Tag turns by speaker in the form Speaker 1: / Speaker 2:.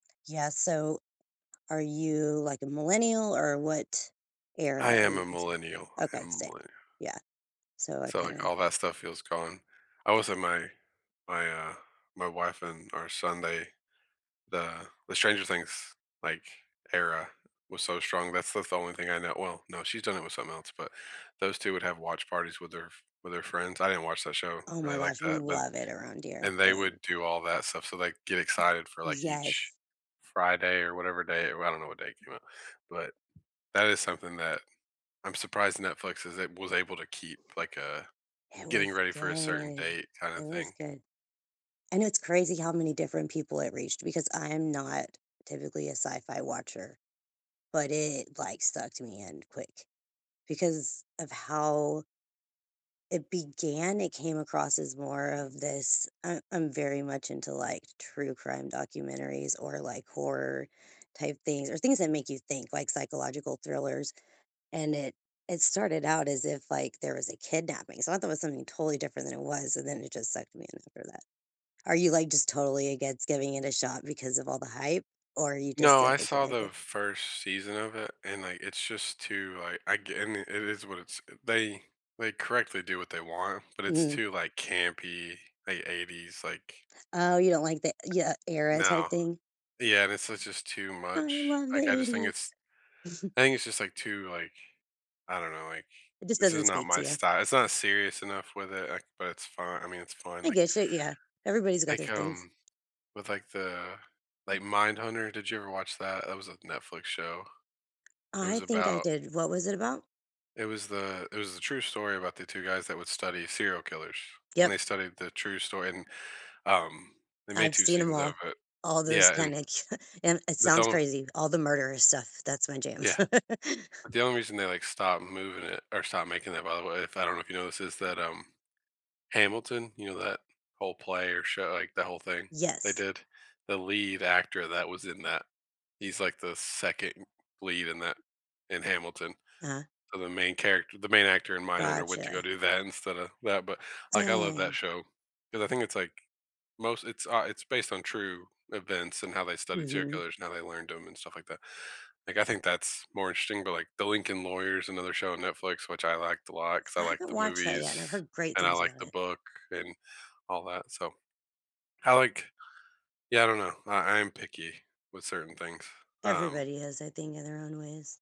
Speaker 1: Yeah, so are you, like, a millennial or what
Speaker 2: I
Speaker 1: era are
Speaker 2: am
Speaker 1: you
Speaker 2: a
Speaker 1: considered?
Speaker 2: millennial. I
Speaker 1: Okay,
Speaker 2: am a
Speaker 1: same.
Speaker 2: millennia
Speaker 1: Yeah. So I
Speaker 2: So, like,
Speaker 1: kinda
Speaker 2: all that stuff feels gone. I was at my my, uh my wife and our son, they the the Stranger Things, like, era was so strong, that's that's the only thing I know well, no, she's done it with something else, but those two would have watch parties with their f with their friends. I didn't watch that show
Speaker 1: Oh my
Speaker 2: really like
Speaker 1: gosh, we
Speaker 2: that, but
Speaker 1: love it around here.
Speaker 2: And they would
Speaker 1: Like
Speaker 2: do all that stuff, so, like, get excited for, like, each
Speaker 1: Yes.
Speaker 2: Friday or whatever day I don't know what day it came out. But that is something that I'm surprised Netflix is a was able to keep, like, a
Speaker 1: It
Speaker 2: getting
Speaker 1: was
Speaker 2: ready for a certain
Speaker 1: good.
Speaker 2: date kinda
Speaker 1: It was
Speaker 2: thing.
Speaker 1: good. I know it's crazy how many different people it reached because I am not typically a sci-fi watcher, but it, like, stuck to me, and quick because of how it began, it came across as more of this I I'm very much into, like, true crime documentaries or, like, horror type things, or things that make you think, like psychological thrillers and it it started out as if, like, there was a kidnapping so I thought it was something totally different than it was, and then it just sucked me in after that. Are you, like, just totally against giving it a shot because of all the hype, or you just
Speaker 2: No,
Speaker 1: don't
Speaker 2: I
Speaker 1: think you'll
Speaker 2: saw
Speaker 1: like
Speaker 2: the
Speaker 1: it?
Speaker 2: 1st season of it, and I it's just too I I ge and i it is what it's they they correctly do what they want, but it's
Speaker 1: Mhm.
Speaker 2: too, like, campy, late ‘80s like
Speaker 1: Oh, you don't like the yeah, era type
Speaker 2: No.
Speaker 1: thing?
Speaker 2: Yeah and it's just just too
Speaker 1: I
Speaker 2: much,
Speaker 1: love the
Speaker 2: like, I just think it's
Speaker 1: '80s.
Speaker 2: I think it's just, like, too, like I don't know, like,
Speaker 1: It just
Speaker 2: this is
Speaker 1: doesn't
Speaker 2: not
Speaker 1: speak
Speaker 2: my
Speaker 1: to ya.
Speaker 2: sty It's not serious enough with it, I but it's fu I mean, it's fun,
Speaker 1: I
Speaker 2: like
Speaker 1: get you, yeah. Everybody's got
Speaker 2: Like,
Speaker 1: their things.
Speaker 2: um, with like the like Mindhunter, did you ever watch that? That was a Netflix show. It
Speaker 1: I
Speaker 2: was
Speaker 1: think I
Speaker 2: about
Speaker 1: did. What was it about?
Speaker 2: it was the it was the true story about the 2 guys that would study serial killers, and they
Speaker 1: Yep.
Speaker 2: studied the true story, and, um They made
Speaker 1: I've
Speaker 2: 2
Speaker 1: seen 'em
Speaker 2: seasons of
Speaker 1: all
Speaker 2: it.
Speaker 1: all those
Speaker 2: Yeah, and
Speaker 1: panic and it
Speaker 2: but
Speaker 1: sounds
Speaker 2: don
Speaker 1: crazy, all the murderer stuff, that's my jam.
Speaker 2: Yeah. The only reason they like stopped moving it or stopped making it, by the way, if I don't know if you know this, is that, um, Hamilton, you know that whole play or show like the whole thing they
Speaker 1: Yes.
Speaker 2: did? The lead actor that was in that, he's like the 2nd lead in that in Hamilton.
Speaker 1: Uh-huh.
Speaker 2: So the main character the main actor in Mindhunter went to go
Speaker 1: Gotcha.
Speaker 2: do that instead of that, but like, I love that
Speaker 1: Dang.
Speaker 2: show 'cause I think it's like most it's, uh it's based on true events and how they studied serial
Speaker 1: Mhm.
Speaker 2: killers and how they learned them and stuff like that. Like, I think that's more interesting, but, like, The Lincoln Lawyer is another show on Netflix, which I liked a lot 'cause I
Speaker 1: I
Speaker 2: liked
Speaker 1: haven't
Speaker 2: the
Speaker 1: watched that
Speaker 2: movies
Speaker 1: yet, and I've heard great
Speaker 2: and I
Speaker 1: things
Speaker 2: liked
Speaker 1: about
Speaker 2: the
Speaker 1: it.
Speaker 2: book and all that, so I like yeah, I don't know. I I am picky with certain things. Um
Speaker 1: Everybody has, I think, in their own ways.